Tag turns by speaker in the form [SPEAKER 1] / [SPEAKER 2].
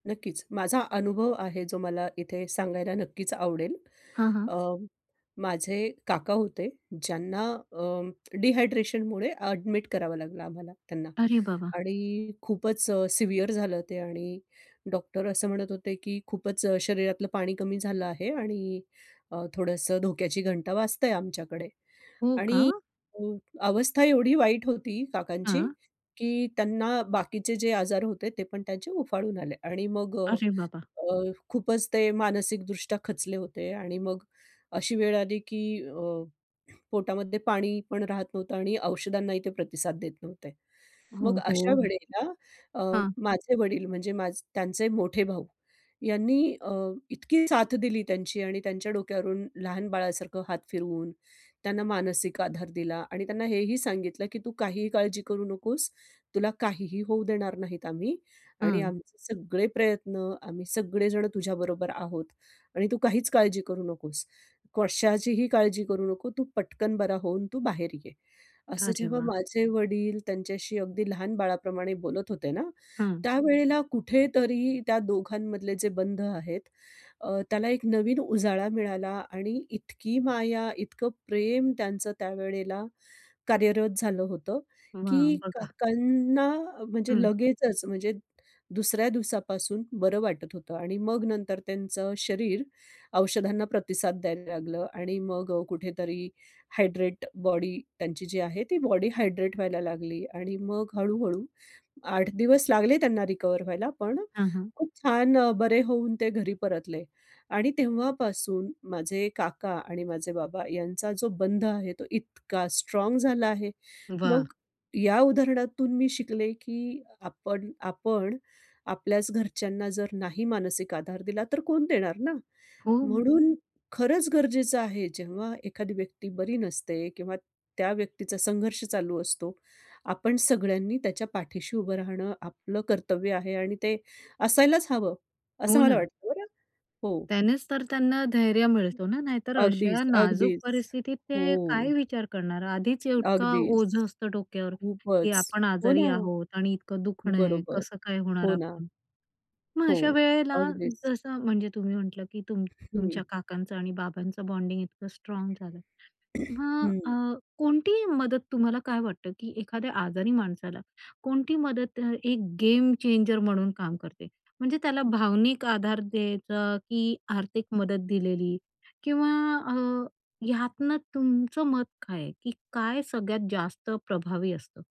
[SPEAKER 1] नक्कीच. माझा अनुभव आहे जो मला इथे सांगायला नक्कीच आवडेल.
[SPEAKER 2] हां, हां.
[SPEAKER 1] अ, माझे काका होते ज्यांना अं, डिहायड्रेशनमुळे ॲडमिट करावं लागलं आम्हाला त्यांना.
[SPEAKER 2] अरे बाबा!
[SPEAKER 1] आणि खूपच अ, सिव्हिअर झालं ते आणि डॉक्टर असं म्हणत होते की खूपच अ, शरीरातलं पाणी कमी झालं आहे आणि अ, थोडंसं धोक्याची घंटा वाजतंय आमच्याकडे.
[SPEAKER 2] हो का?
[SPEAKER 1] आणि अ, अवस्था एवढी वाईट होती काकांची
[SPEAKER 2] हां.
[SPEAKER 1] की त्यांना बाकीचे जे आजार होते ते पण त्यांचे उफाळून आले आणि मग अ,
[SPEAKER 2] अरे बाबा!
[SPEAKER 1] अ, खूपच ते मानसिकदृष्ट्या खचले होते आणि मग अशी वेळ आली की अ, पोटामध्ये पाणी पण राहत नव्हतं आणि औषधांनाही ते प्रतिसाद देत नव्हते.
[SPEAKER 2] हो,
[SPEAKER 1] मग अशा
[SPEAKER 2] हो.
[SPEAKER 1] वेळेला अ,
[SPEAKER 2] हां.
[SPEAKER 1] माझे वडील म्हणजे माझ त्यांचे मोठे भाऊ यांनी अ, यांनी अ, इतकी साथ दिली त्यांची आणि त्यांच्या डोक्यावरून लहान बाळासारखं हात फिरवून त्यांना मानसिक आधार दिला आणि त्यांना हेही सांगितलं की "तू काहीही काळजी करू नकोस. तुला काहीही होऊ देणार नाहीत आम्ही आणि
[SPEAKER 2] हां.
[SPEAKER 1] आमचे सगळे प्रयत्न आम्ही सगळेजण तुझ्याबरोबर आहोत आणि तू काहीच काळजी करू नकोस. कशाचीही काळजी करू नको. तू पटकन बरा होऊन तू बाहेर ये." असं
[SPEAKER 2] अरे
[SPEAKER 1] जेव्हा
[SPEAKER 2] वाह!
[SPEAKER 1] माझे वडील त्यांच्याशी अगदी लहान बाळाप्रमाणे बोलत होते ना,
[SPEAKER 2] हां.
[SPEAKER 1] त्यावेळेला कुठेतरी त्या दोघांमधले जे बंध आहेत अ, त्याला एक नवीन उजाळा मिळाला आणि इतकी माया, इतकं प्रेम त्यांचं त्यावेळेला कार्यरत झालं होतं
[SPEAKER 2] वाह!
[SPEAKER 1] की
[SPEAKER 2] बघा.
[SPEAKER 1] काकांना म्हणजे
[SPEAKER 2] हं.
[SPEAKER 1] लगेचच म्हणजे दुसऱ्या दिवसापासून बरं वाटत होतं आणि मग नंतर त्यांचं शरीर औषधांना प्रतिसाद द्यायला लागलं आणि मग अ, कुठेतरी हायड्रेट बॉडी त्यांची जी आहे ती बॉडी हायड्रेट व्हायला लागली आणि मग हळू-हळू 8 दिवस लागले त्यांना रिकव्हर व्हायला, पण
[SPEAKER 2] हां, हां.
[SPEAKER 1] खूप छान अ, बरे होऊन ते घरी परतले. आणि तेव्हापासून माझे काका आणि माझे बाबा यांचा जो बंध आहे तो इतका स्ट्राँग झाला आहे.
[SPEAKER 2] वाह!
[SPEAKER 1] मग या उदाहरणातून मी शिकले की आपण आपण आपल्याच घरच्यांना जर नाही मानसिक आधार दिला, तर कोण देणार ना?
[SPEAKER 2] हो.
[SPEAKER 1] म्हणून खरंच गरजेचं आहे, जेव्हा एखादी व्यक्ती बरी नसते किंवा त्या व्यक्तीचा संघर्ष चालू असतो, आपण सगळ्यांनी त्याच्या पाठीशी उभं राहणं आपलं कर्तव्य आहे आणि ते असायलाच हवं! असं
[SPEAKER 2] हो
[SPEAKER 1] मला
[SPEAKER 2] ना.
[SPEAKER 1] वाटतं बरं! हो.
[SPEAKER 2] त्यानेच तर त्यांना धैर्य मिळतो ना, नाहीतर
[SPEAKER 1] अगदीच,
[SPEAKER 2] अशा नाजूक
[SPEAKER 1] अगदीच.
[SPEAKER 2] परिस्थितीत
[SPEAKER 1] हो.
[SPEAKER 2] ते काय विचार करणार! आधीच इतका
[SPEAKER 1] अगदीच.
[SPEAKER 2] ओझं असतं डोक्यावर की
[SPEAKER 1] खूपच.
[SPEAKER 2] आपण
[SPEAKER 1] हो
[SPEAKER 2] आजारी
[SPEAKER 1] ना.
[SPEAKER 2] आहोत आणि इतकं दुखणं आहे.
[SPEAKER 1] बरोबर.
[SPEAKER 2] कसं काय होणार
[SPEAKER 1] हो ना.
[SPEAKER 2] आपलं? मग
[SPEAKER 1] हो.
[SPEAKER 2] अशा वेळेला
[SPEAKER 1] अगदीच.
[SPEAKER 2] जसं म्हणजे तुम्ही म्हटलं की तुम
[SPEAKER 1] हं.
[SPEAKER 2] तुमच्या काकांचं आणि बाबांचं बॉन्डिंग इतकं स्ट्राँग झालं. मग अ,
[SPEAKER 1] हं.
[SPEAKER 2] कोणती मदत तुम्हाला काय वाटतं की एखाद्या आजारी माणसाला कोणती मदत अ, एक गेम चेंजर म्हणून काम करते म्हणजे त्याला भावनिक आधार द्यायचा की आर्थिक मदत दिलेली किंवा अ, ह्यातनं तुमचं मत काय आहे की काय सगळ्यात जास्त प्रभावी असतं?